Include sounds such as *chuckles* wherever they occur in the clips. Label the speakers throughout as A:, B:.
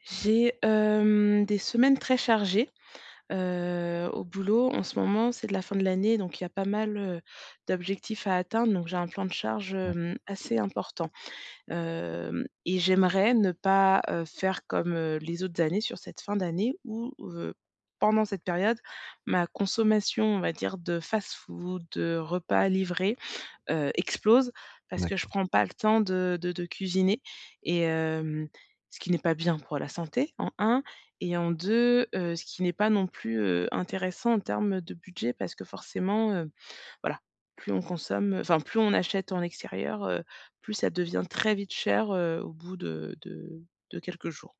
A: J'ai, hem, des semaines très chargées, heu, au boulot en ce moment, c'est de la fin de l'année donc il y a pas mal, heu, d'objectifs à atteindre donc j'ai un plan de charge,
B: Ouais.
A: hem, assez important. Hem, et j'aimerais ne pas, heu, faire comme, heu, les autres années sur cette fin d'année ou heu, pendant cette période, ma consommation, on va dire de fast-food, de repas livré, heu, explose parce que je
B: D'accord.
A: prends pas le temps de de de cuisiner et hem, ce qui n'est pas bien pour la santé en 1 et en 2, heu, ce qui n'est pas non plus, heu, intéressant en termes de budget parce que forcément, heu, voilà, plus on consomme enfin plus on achète en extérieur, heu, plus ça devient très vite cher, heu, au bout de de de quelques jours,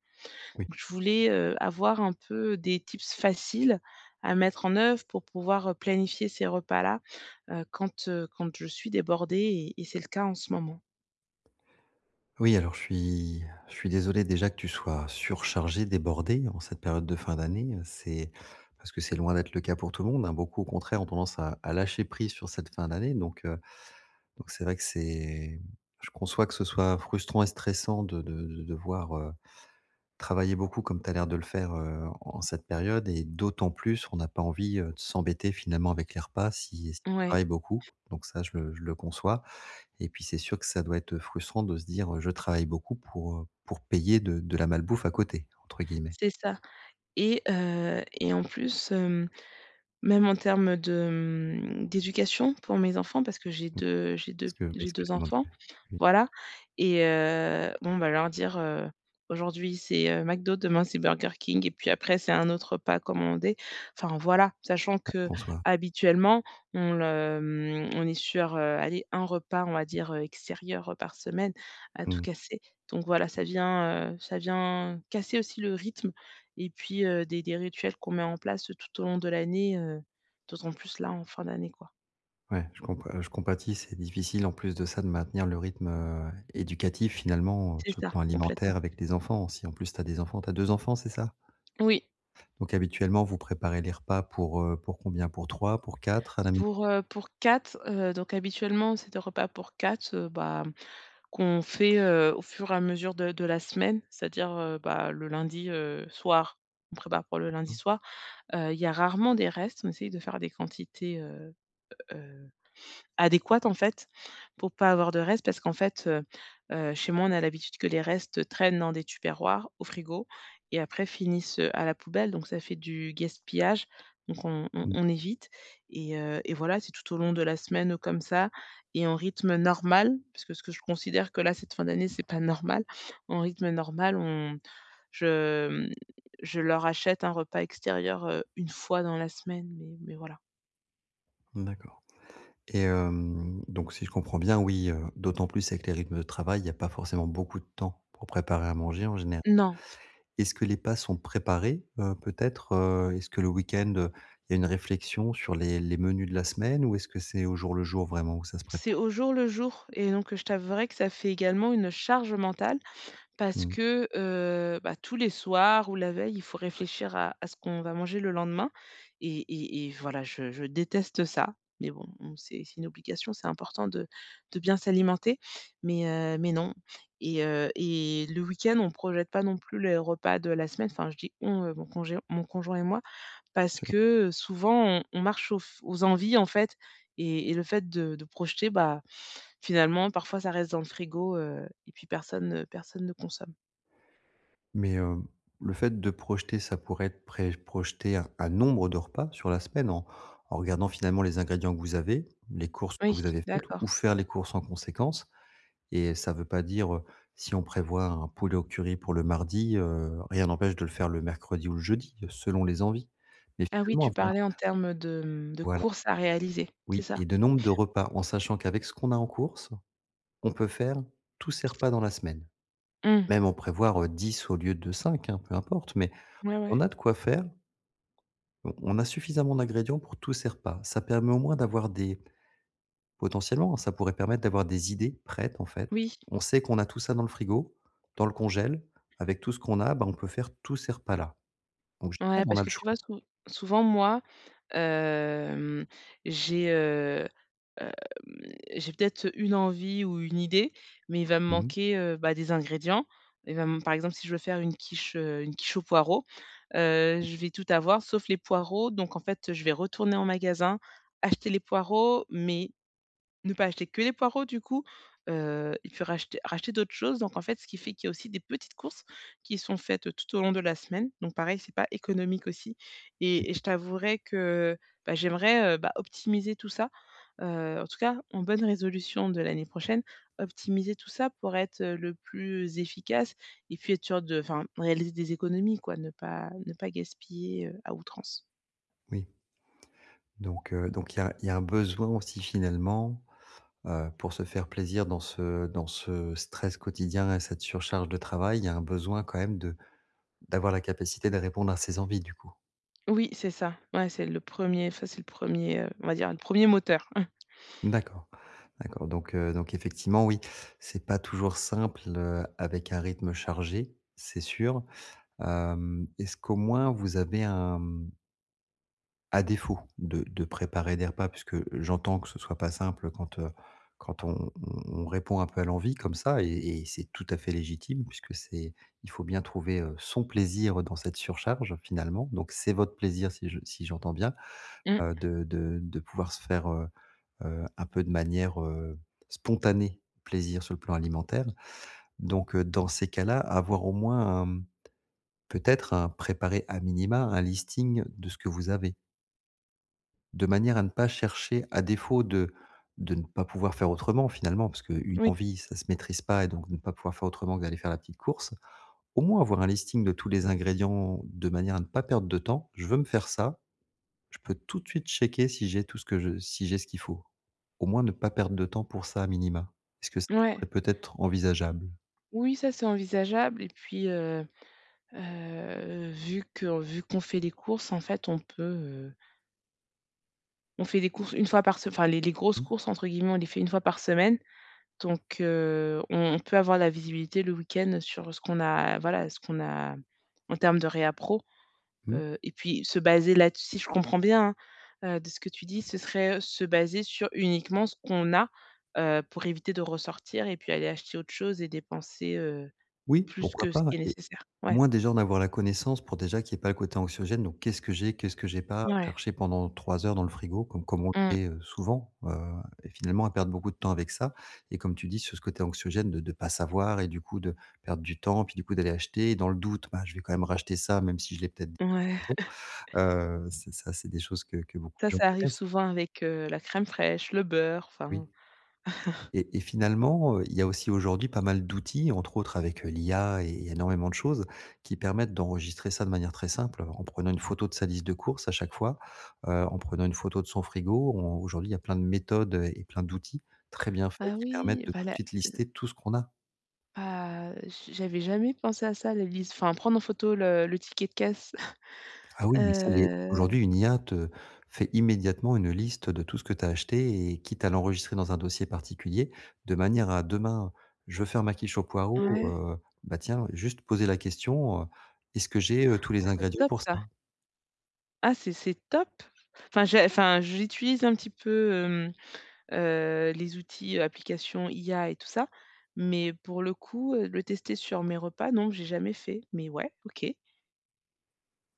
B: Oui.
A: donc je voulais, heu, avoir un peu, des tips faciles à mettre en oeuvre pour pouvoir, heu, planifier ces repas-là. Heu, quand, heu, quand je suis débordé et et c'est le cas en ce moment.
B: Oui alors je suis je suis désolé déjà que tu sois surchargé, débordé en cette période de fin d'année, heu, c'est parce que c'est loin d'être le cas pour tout le monde hein. Beaucoup au contraire, ont tendance à à lâcher prise sur cette fin d'année donc heu, donc c'est vrai que c'est je conçois que ce soit frustrant et stressant de de de devoir, heu, travailler beaucoup comme tu as l'air de le faire, heu, en en cette période et d'autant plus, on a pas envie, heu, de s'embêter finalement avec les repas si si tu
A: Ouais.
B: travaille beaucoup, donc ça je le je le conçois, et puis c'est sûr que ça doit être, heu, frustrant de se dire, heu: «Je travaille beaucoup pour, heu, pour payer de de la malbouffe à côté», entre guillemets.
A: C'est ça, et heu, et en plus, hem, même en termes de, mmh, d'éducation pour mes enfants parce que j'ai 2 j'ai
B: Est
A: 2
B: ce
A: p
B: que est
A: j'ai
B: ce que
A: 2
B: comment
A: enfants.
B: dire?
A: Voilà, et heu, bon bah leur dire, heu, aujourd'hui, c'est, heu, McDo, demain c'est Burger King et puis après c'est un autre repas commandé. Enfin voilà, sachant
B: Ouais, je
A: que
B: conçoie.
A: habituellement, on le mmh, on est sur, heu, aller un repas, on va dire, heu, extérieur, heu, par semaine, à tout
B: Mmh.
A: casser, donc voilà, ça vient, heu, ça vient casser aussi le rythme et puis, heu, des des rituels qu'on met en place tout au long de l'année, heu, d'autant plus là en fin d'année quoi.
B: Ouais, je comp heu, je compatis, c'est difficile en plus de ça de maintenir le rythme, heu, éducatif finalement, heu,
A: C'est
B: sur le
A: ça,
B: plan alimentaire
A: complètement.
B: avec les enfants, si en plus tu as des enfants tu as 2 enfants, c'est ça?
A: Oui.
B: Donc habituellement, vous préparez les repas pour, heu, pour combien? Pour 3, pour 4 à la maison?
A: Pour, heu, pour 4, heu donc habituellement c'est des repas pour 4, heu bah, qu'on fait, heu, au fur et à mesure de de la semaine. C'est-à-dire, heu, bah, le lundi, heu, soir, on prépare pour le
B: Ah
A: lundi
B: bon?
A: soir, heu, il y a rarement des restes. On essaie de faire des quantités, heu heu, adéquates en fait pour pas avoir de reste. Parce qu'en fait, heu heu, chez moi, on a l'habitude que les restes traînent dans des Tupperware au frigo et après finissent, heu, à la poubelle donc ça fait du gaspillage. Donc on on
B: Mmh.
A: on évite et heu et voilà, c'est tout au long de la semaine comme ça et en rythme normal, puisque ce que je considère que là, cette fin d'année, c'est pas normal. En rythme normal, on je, mmh, je leur achète un repas extérieur, heu, 1 fois dans la semaine mais mais voilà.
B: Mmh d'accord. Et hem donc si je comprends bien, oui, heu, d'autant plus avec les rythmes de travail, il y a pas forcément beaucoup de temps pour préparer à manger en génér
A: Non.
B: est-ce que les pas sont préparés? Heu, peut-être, heu, est-ce que le week-end, heu, il y a une réflexion sur les les menus de la semaine ou est-ce que c'est au jour le jour vraiment où ça se
A: C'est
B: prépare?
A: au jour le jour et donc je t'avouerai que ça fait également une charge mentale parce
B: Mmh.
A: que, heu bah, tous les soirs ou la veille, il faut réfléchir à à ce qu'on va manger le lendemain et et et voilà, je je déteste ça. Mais bon, on sait c'est une obligation, c'est important de de bien s'alimenter mais heu mais non. Et heu et le week-end on projette pas non plus les repas de la semaine. Enfin, je dis: «On», heu, mon congé mon conjoint et moi. parce
B: Sûr.
A: que souvent on on marche aux f aux envies en fait. Et et le fait de de projeter bah, finalement, parfois ça reste dans le frigo, heu et puis personne ne personne ne consomme.
B: Mais heu, le fait de projeter, ça pourrait être préj projeter un un nombre de repas sur la semaine en en regardant finalement les ingrédients que vous avez, les courses que
A: Oui,
B: vous avez faites ou
A: d'accord.
B: faire les courses en conséquence. Et heu, ça veut pas dire, heu, si on prévoit un poulet au curry pour le mardi, heu, rien n'empêche de le faire le mercredi ou le jeudi, selon les envies. Mais
A: Ah oui,
B: finalement
A: tu
B: avoir
A: parlais en termes de, mmh, de
B: Voilà.
A: courses à réaliser, c'est
B: Oui
A: ça?
B: et de nombre de repas en sachant qu'avec ce qu'on a en course, on peut faire, tous ses repas dans la semaine.
A: Mmh.
B: Même en prévoir, heu, 10 au lieu de 5, hein, peu importe mais
A: Ouais,
B: on
A: ouais.
B: a de quoi faire on on a suffisamment d'ingrédients pour tous ces repas. Ça permet au moins d'avoir des potentiellement, ça pourrait permettre d'avoir des idées prêtes en fait.
A: Oui.
B: On sait qu'on a tout ça dans le frigo, dans le congèle, avec tout ce qu'on a, bah, on peut faire tous ces repas-là. Donc génial,
A: Ouais
B: on
A: parce
B: a le
A: que tu vois
B: choix.
A: sou souvent moi, hem, j'ai, heu, hem, j'ai peut-être une envie ou une idée mais il va me
B: Mmh mh.
A: manquer, heu, bah des ingrédients. Il va m par exemple si je veux faire une quiche, heu, une quiche aux poireaux, heu, je vais tout avoir sauf les poireau, donc en fait je vais retourner en magasin, acheter les poireaux mais ne pas acheter que les poireaux du coup. Heu, il peut racheter racheter d'autres choses donc en fait, ce qui fait qu'il y a aussi des petites courses qui sont faites tout au long de la semaine. Donc pareil, c'est pas économique aussi.
B: Mmh.
A: Et et je t'avouerais que, bah, j'aimerais, heu bah, optimiser tout ça, heu, en tout cas, en bonne résolution de l'année prochaine, optimiser tout ça pour être le plus efficace et puis être sûr de enfin réaliser des économies quoi, ne pas ne pas gaspiller, heu, à outrance.
B: Oui. Donc heu donc il y a il y a un besoin aussi finalement, heu, pour se faire plaisir dans ce dans ce stress quotidien et cette surcharge de travail, il y a un besoin quand même de d'avoir la capacité de répondre à ses envies du coup?
A: Oui, c'est ça. Ouais, c'est le 1er, enfin c'est le 1er, heu, on va dire le 1er moteur. *chuckles*
B: D'accord. D'accord. Donc heu donc effectivement oui c'est pas toujours simple, heu, avec un rythme chargé, c'est sûr. Hem, est-ce qu'au moins vous avez un, mmh à défaut de de préparer des repas puisque j'entends que ce soit pas simple quand, heu, quand on on on répond un peu à l'envie comme ça et et c'est tout à fait légitime puisque c'est il faut bien trouver, heu, son plaisir dans cette surcharge finalement. Donc c'est votre plaisir si je si j'entends bien,
A: Mmh.
B: heu, de de de pouvoir se faire, heu heu, un peu de manière, heu, spontanée, plaisir sur le plan alimentaire. Donc heu, dans ces cas-là avoir au moins un, mmh, peut-être hein, préparer à minima un listing de ce que vous avez. De manière à ne pas chercher à défaut de de ne pas pouvoir faire autrement, finalement, parce que une
A: Oui.
B: envie, ça se maîtrise pas et donc de ne pas pouvoir faire autrement que d'aller faire la petite course. Au moins avoir un listing de tous les ingrédients de manière à ne pas perdre de temps. Je veux me faire ça, je peux tout de suite checker si j'ai tout ce que je si j'ai ce qu'il faut. Au moins ne pas perdre de temps pour ça à minima. Est-ce que ça
A: Ouais.
B: serait peut-être envisageable?
A: Oui, ça c'est envisageable et puis, heu heu, vu que vu qu'on fait les courses en fait on peut, heu On fait des courses 1 fois par se enfin les «les grosses
B: Mmh.
A: courses» entre guillemets, on les fait 1 fois par semaine, donc heu, on on peut avoir la visibilité le week-end sur ce qu'on a voilà, ce qu'on a en termes de réapprovisionnement,
B: Mmh.
A: heu et puis se baser là-des si je comprends bien, hein, heu, de ce que tu dis, ce serait se baser sur uniquement ce qu'on a, heu, pour éviter de ressortir et puis aller acheter autre chose et dépenser, heu,
B: Oui,
A: plus
B: pourquoi
A: que ce
B: pas
A: qui est
B: et
A: nécessaire,
B: au
A: ouais.
B: moins, déjà, en avoir la connaissance pour déjà qu'il y ait pas le côté anxiogène, donc qu'est-ce que j'ai, qu'est-ce que j'ai pas,
A: Ouais.
B: chercher pendant 3 heures dans le frigo comme comme on le
A: Mmh.
B: fait souvent, heu et finalement à perdre beaucoup de temps avec ça et comme tu dis sur ce côté anxiogène de de pas savoir et du coup de perdre du temps, puis du coup d'aller acheter, dans le doute, bah, je vais quand même racheter ça même si je l'ai peut-être déjà à la
A: Ouais.
B: maison,
A: *chuckles*
B: heu, ça ça c'est des choses que que beaucoup de
A: Ça,
B: gens
A: ça arrive
B: connaissent.
A: souvent avec, heu, la crème fraîche, le beurre,
B: Oui.
A: enfin. *chuckles*
B: Et et finalement, heu, il y a aussi aujourd'hui pas mal d'outils, entre autres avec, heu, l'IA et il y a énormément de choses qui permettent d'enregistrer ça de manière très simple, en prenant une photo de sa liste de courses à chaque fois, heu, en prenant une photo de son frigo, on aujourd'hui, il y a plein de méthodes et plein d'outils très bien faits
A: Ah
B: qui permettent
A: oui,
B: de
A: bah
B: tout de
A: la
B: suite
A: le
B: lister tout ce qu'on a.
A: Bah, je j'avais jamais pensé à ça, la liste, enfin, prendre en photo le le ticket de caisse. *chuckles*
B: Ah oui mais ça l'est.
A: Heu
B: Aujourd'hui, une IA te fait immédiatement une liste, heu, de tout ce que tu as acheté et quitte à l'enregistrer dans un dossier particulier, de manière à, demain, je veux faire ma quiche aux poireaux,
A: Ouais.
B: heu bah, tiens, juste poser la question: «heu, est-ce que j'ai, heu, tous les
A: Ah c'est
B: ingrédients
A: top
B: pour
A: ça!
B: ça?».
A: Ah c'est c'est top! Enfin, j'ai enfin, j'utilise un petit peu, hem, heu, les outils, applications IA et tout ça. Mais pour le coup, heu, le tester sur mes repas, non j'ai jamais fait. Mais ouais, OK.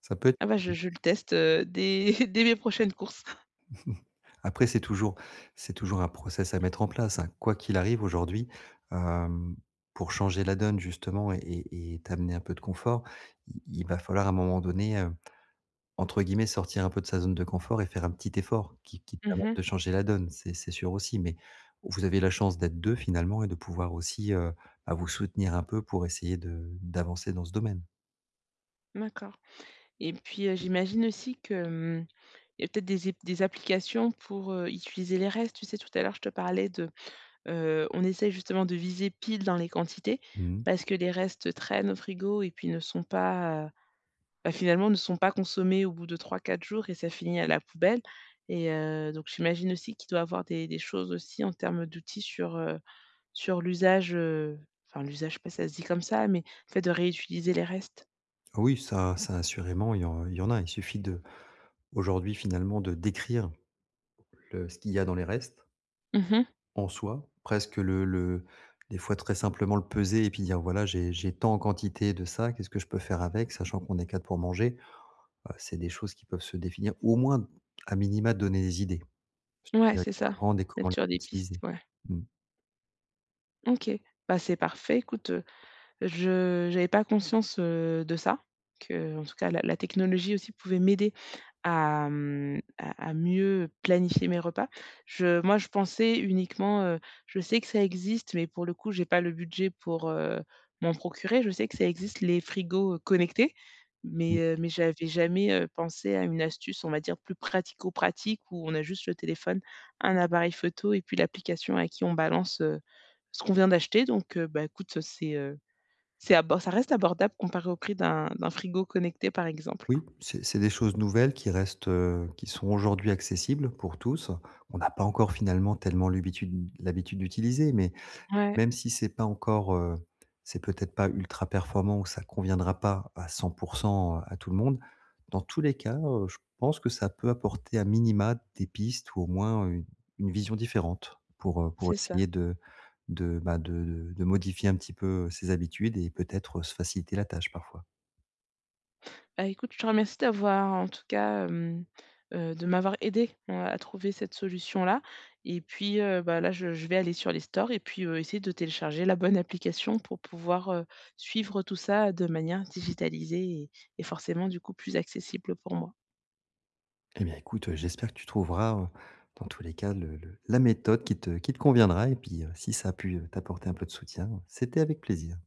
B: Ça peut être
A: Ah bah
B: une
A: je
B: idée.
A: je le teste, heu, dès *chuckles* dès mes prochaines courses. *chuckles*
B: *chuckles* Après, c'est toujours c'est toujours un process à mettre en place, hein. Quoi qu'il arrive aujourd'hui, hem, pour changer la donne justement et et t'amener un peu de confort, il il va falloir à un moment donné, heu, entre guillemets, «sortir un peu de sa zone de confort» et faire un petit effort, qui qui
A: Mmh
B: permet
A: mh.
B: de changer la donne, c'est c'est sûr aussi mais vous avez la chance d'être 2 finalement et de pouvoir aussi, heu, ah vous soutenir un peu pour essayer de d'avancer dans ce domaine.
A: D'accord et puis, heu, j'imagine aussi que, hem, il y a peut-être des é des applications pour, heu, utiliser les restes. Tu sais, tout à l'heure, je te parlais de, heu, on essaie justement de viser pile dans les quantités,
B: Mmh mh.
A: parce que les restes traînent au frigo et puis ne sont pas, heu, ben, finalement, ne sont pas consommés au bout de 3-4 jours et ça finit à la poubelle et heu, donc j'imagine aussi qu'il doit y avoir des des choses aussi en termes d'outils sur, heu, sur l'usage, heu, enfin l'usage, je sais pas si ça se dit comme ça, mais en fait de réutiliser les restes.
B: Oui, ça ça assurément, il y en il y en a. Il suffit de aujourd'hui, finalement, de décrire, le ce qu'il y a dans les restes.
A: Mmh mh.
B: En soi, presque le le des fois très simplement le peser et puis dire, voilà, j'ai j'ai tant en quantité de ça, qu'est-ce que je peux faire avec sachant qu'on est 4 pour manger, heu, c'est des choses qui peuvent se définir ou au moins à minima te donner des idées,
A: Ouais,
B: *unintelligible* et
A: c'est ça.
B: comment les
A: Mettre sur des pistes,
B: utiliser.
A: ouais.
B: Mmh.
A: OK, bah, c'est parfait, écoute, je j'avais pas conscience, heu, de ça, qu'en tout cas la la technologie aussi pouvait m'aider à, mmh, à à mieux planifier mes repas. Je moi, je pensais uniquement, heu, je sais que ça existe mais pour le coup, j'ai pas le budget pour, heu, m'en procurer. Je sais que ça existe les frigos connectés, mais
B: Mmh.
A: heu, mais j'avais jamais, heu, pensé à une astuce, on va dire plus pratico-pratique où on a juste le téléphone, un appareil photo et puis l'application à qui on balance, heu, ce qu'on vient d'acheter, donc heu, bah, écoute, c'est, heu, c'est abo ça reste abordable comparé au prix d'un d'un frigo connecté, par exemple.
B: Oui, c'est c'est des choses nouvelles qui restent, heu, qui sont aujourd'hui accessibles pour tous. On n'a pas encore finalement tellement l'habitude- l'habitude d'utiliser mais
A: Ouais.
B: même si c'est pas encore, heu, c'est peut-être pas ultra-performant ou ça conviendra pas à 100%, heu, à tout le monde, dans tous les cas, heu, je pense que ça peut apporter à minima des pistes ou au moins une une vision différente pour, heu, pour
A: C'est ça.
B: essayer de de, bah, de de de modifier un petit peu ses habitudes et peut-être, heu, se faciliter la tâche parfois.
A: Ben, écoute, je te remercie d'avoir en tout cas, hem, heu, de m'avoir aidé, heu, à trouver cette solution-là et puis, heu, bah, là, je je vais aller sur les stores et puis, heu, essayer de télécharger la bonne application pour pouvoir, heu, suivre tout ça de manière digitalisée et et forcément, du coup, plus accessible pour moi.
B: Eh bien écoute, heu, j'espère que tu trouveras, heu, dans tous les cas, le le la méthode qui te qui te conviendra et puis, heu, si ça a pu t'apporter un peu de soutien, c'était avec plaisir.